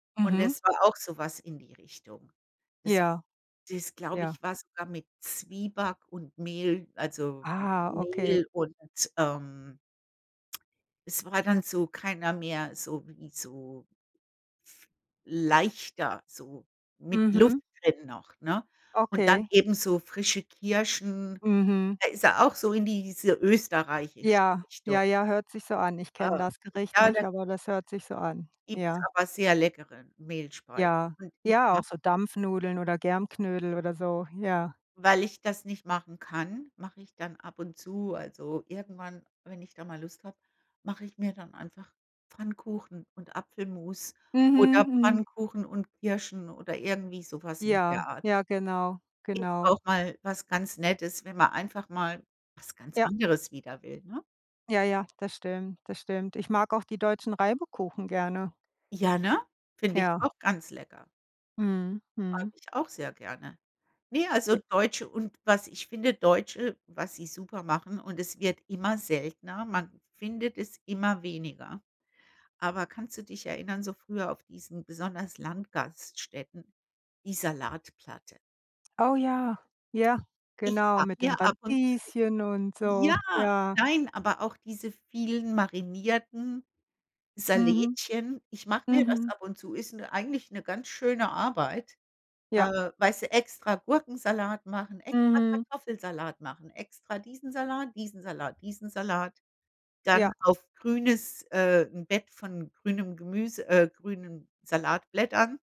Und Mhm. das war auch so was in die Richtung. Das Ja, das, glaube ja. ich, war sogar mit Zwieback und Mehl, also Ah, okay. Mehl und, ähm es war dann so keiner mehr so wie so leichter, so mit Luft Mhm. drin noch, ne? Und dann Okay. eben so frische Kirschen, Mhm. da ist er auch so in diese österreichische Ja. Richtung. Ja, ja, hört sich so an. Ich Äh, kenne das Gericht ja, nicht, da aber das hört sich so an. gibt's Ja. aber sehr leckere Mehlspeisen. Ja. Und ich Ja, auch mache so Dampfnudeln oder Germknödel oder so, ja. Weil ich das nicht machen kann, mache ich dann ab und zu also irgendwann, wenn ich da mal Lust habe mache ich mir dann einfach Pfannkuchen und Apfelmus Mhm, oder mhm. Pfannkuchen und Kirschen oder irgendwie so was in der Ja. Art. Ja, genau, Ist auch genau. mal was ganz Nettes, wenn man einfach mal was ganz Ja. anderes wieder will, ne? Ja, ja, das stimmt, das stimmt. Ich mag auch die deutschen Reibekuchen gerne. Ja, ne? Find ich Ja. auch ganz lecker. Mhm, Mag mhm. ich auch sehr gerne. Ne, also E deutsche und was ich finde Deutsche was sie super machen, und es wird immer seltener- man findet es immer weniger- aber kannst du dich erinnern, so früher auf diesen besonders Landgaststätten die Salatplatte? Au ja! Ja, Ich genau. hab Mit den mir ab und zu Radieschen und so. ja! Ja. Nein, aber auch diese vielen marinierten Mhm. Salätchen. Ich mache mir das Mhm. ab und zu, ist 'ne eigentlich 'ne ganz schöne Arbeit. Ja. Äh, weißt du, extra Gurkensalat machen, extra Mhm. Kartoffelsalat machen, extra diesen Salat, diesen Salat, diesen Salat, dann Ja. auf grünes äh, 'n Bett von grünem Gemüse, äh, grünen Salatblättern.